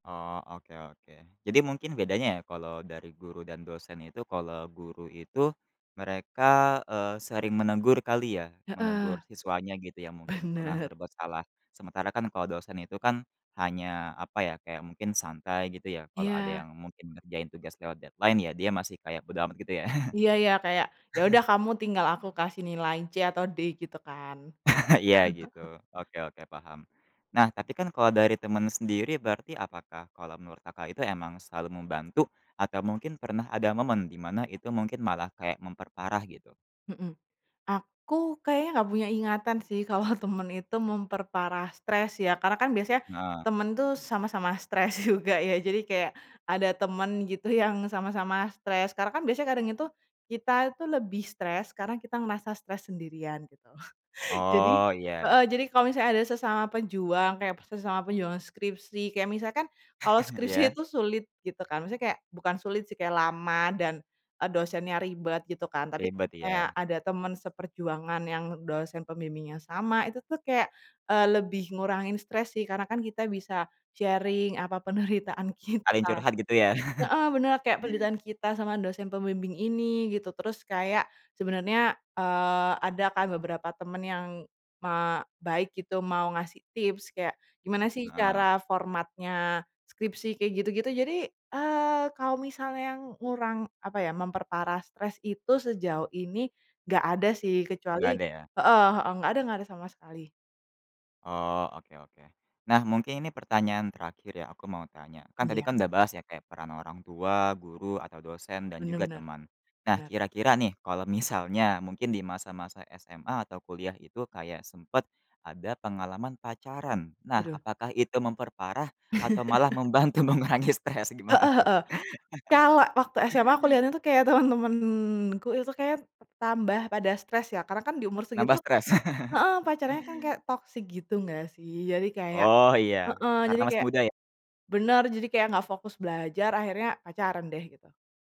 Oh, oke oke. Jadi mungkin bedanya ya, kalau dari guru dan dosen itu, kalau guru itu, mereka, eee, sering menegur, kali, ya? Menegur Heeh. siswanya gitu, yang mungkin pernah Benar. berbuat salah. Sementara kan, kalau dosen itu kan, hanya, apa ya, kayak mungkin santai, gitu ya? Kalau ada Iya. yang mungkin ngerjain tugas lewat deadline, ya dia masih kaya bodo amat, gitu ya? Iya, ya, kayak, "Ya udah, kamu tinggal aku kasih nilai C, atau D." gitu kan? Iya, gitu. Oke oke, paham. Nah, tapi kan kalau dari teman sendiri, berarti apakah kalau menurut Kakak itu, emang selalu membantu, atau mungkin pernah ada momen, di mana itu mungkin malah kayak, memperparah, gitu? Mhm. Aku kayaknya nggak punya ingatan sih, kalau teman itu memperparah stres, ya. Karena kan biasanya, Heeh. teman tuh sama-sama stres juga, ya? Jadi kayak, ada teman, gitu, yang sama-sama stres. Karena kan biasanya kadang itu, kita itu lebih stres, karena kita ngerasa stres sendirian, gitu. Jadi Oh, iya iya. heeh, jadi kalau misalnya ada sesama pejuang, kayak sesama perjuangan skripsi, kayak misalkan, kalau skripsi Iya. itu sulit, gitu kan? Misalnya kayak bukan sulit sih, kayak lama dan, eee, dosennya ribet, gitu kan? Tapi Ribet, kayak, ya? ada teman seperjuangan yang dosen pembimbingnya sama. Itu tuh kayak, eee, lebih ngurangin stres, sih. Karena kan kita bisa sharing, apa penderitaan Ada yang kita. curhat, gitu ya? Heeh, benar. Kayak penderitaan kita sama dosen pembimbing ini, gitu. Terus kayak, sebenarnya, eee, ada kan, beberapa teman yang, ma baik, gitu. Mau ngasih tips. Kayak, gimana sih Heeh. cara formatnya skripsi, kayak gitu-gitu. Jadi, eee, kalau misal yang ngurang apa ya, memperparah stres itu sejauh ini, nggak ada sih, Nggak kecuali ada, ya? heeh heeh, nggak ada nggak ada sama sekali. Oh, oke oke. Nah, mungkin ini pertanyaan terakhir ya, aku mau tanya. Kan tadi Iya. kan udah bahas ya, kayak peran orang tua, guru, atau dosen, dan Benar juga benar. teman. Nah, Benar. kira-kira nih, kalau misalnya, mungkin di masa-masa SMA, atau kuliah itu kayak sempat, ada pengalaman pacaran. Nah, Waduh. apakah itu memperparah, atau malah membantu mengurangi stres? Gimana, Heeh tuh? heeh. Kalau waktu SMA, aku lihatnya tuh kayak, teman-temanku itu, kayaknya tambah pada stres, ya? Karena kan, di umur segit Nambah stres? heeh, pacarannya kan kayak, toksik gitu, nggak sih? Jadi kayak Oh, iya. heeh. Karena Jadi masih kayak muda ya? benar. Jadi kayak nggak fokus belajar, akhirnya pacaran deh, gitu.